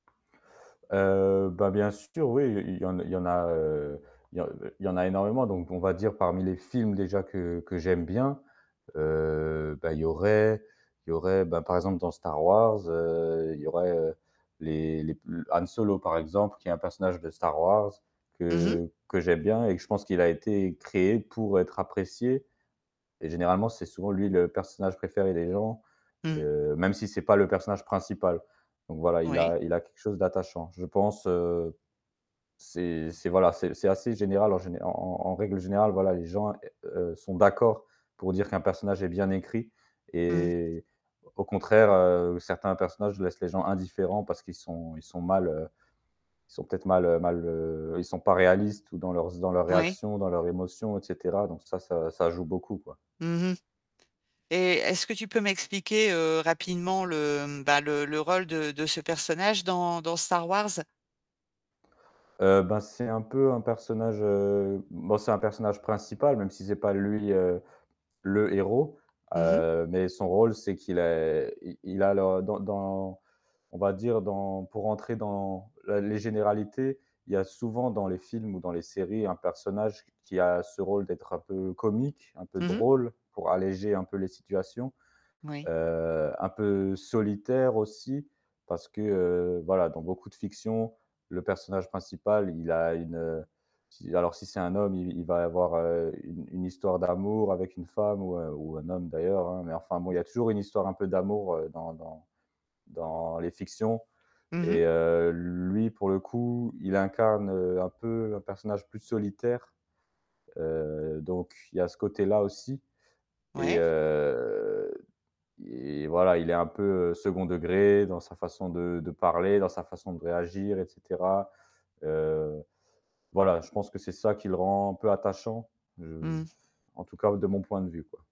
Heu, bah, bien sûr oui, il il y en il y en a, heu, il y en il y en a énormément donc, on va dire, parmi les films déjà que que j'aime bien, heu, bah, il y aurait il y aurait, bah, par exemple dans Star Wars, heu, il y aurait les les p l Han Solo par exemple qui est un personnage de Star Wars Mmh mh. que que j'aime bien et que je pense qu'il a été créé pour être apprécié et généralement, c'est souvent lui le personnage préféré des gens, Mmh. heu, même si c'est pas le personnage principal donc voilà, il Ouais. a il a quelque chose d'attachant. Je pense, heu, c'est c'est voilà, c'est c'est assez général, en géné en en en règle générale, voilà, les gens, heu, sont d'accord pour dire qu'un personnage est bien écrit Mmh. et au contraire, heu, certains personnages laissent les gens indifférents. Parce qu'ils sont ils sont mal, heu, ils sont peut-être mal, heu, mal, heu, ils sont pas réalistes ou dans leurs z dans leurs Mouais. réactions, dans leurs émotions et cetera donc ça, ça ça joue beaucoup, quoi. Mmh mh. Et est-ce que tu peux m'expliquer, heu, rapidement le, mmh, bah, le le rôle de de ce personnage dans dans Star Wars? Heu, ben, c'est un peu un personnage, heu, bon c'est un personnage principal même si c'est pas lui, heu, le héros Mmh mh. mais son rôle c'est qu'il est il il a dans dans on va dire dans pour entrer dans la les généralités, il y a souvent dans les films ou dans les séries un personnage qui a ce rôle d'être un peu comique, un peu Mmh mh. drôle pour alléger un peu les situations, Moui. heu, un peu solitaire aussi. Parce que, heu, voilà, dans beaucoup de fictions, le personnage principal il a une, heu, si alors si c'est un homme, il v il va avoir, heu, une une histoire d'amour avec une femme ou, heu, ou un homme d'ailleurs, hein, mais enfin bon, il y a toujours une histoire un peu d'amour, heu, dans dans dans les fictions Mmh mh. et heu, lui pour le coup, il incarne, heu, un peu un personnage plus solitaire. Heu, donc il y a ce côté-là aussi et Ouais. heu et voilà il est un peu 2nd degré dans sa façon de de parler, dans sa façon de réagir et cetera. Heu, voilà, je pense que c'est ça qui le rend un peu attachant, je Mmh. en tout cas de mon point de vue, quoi.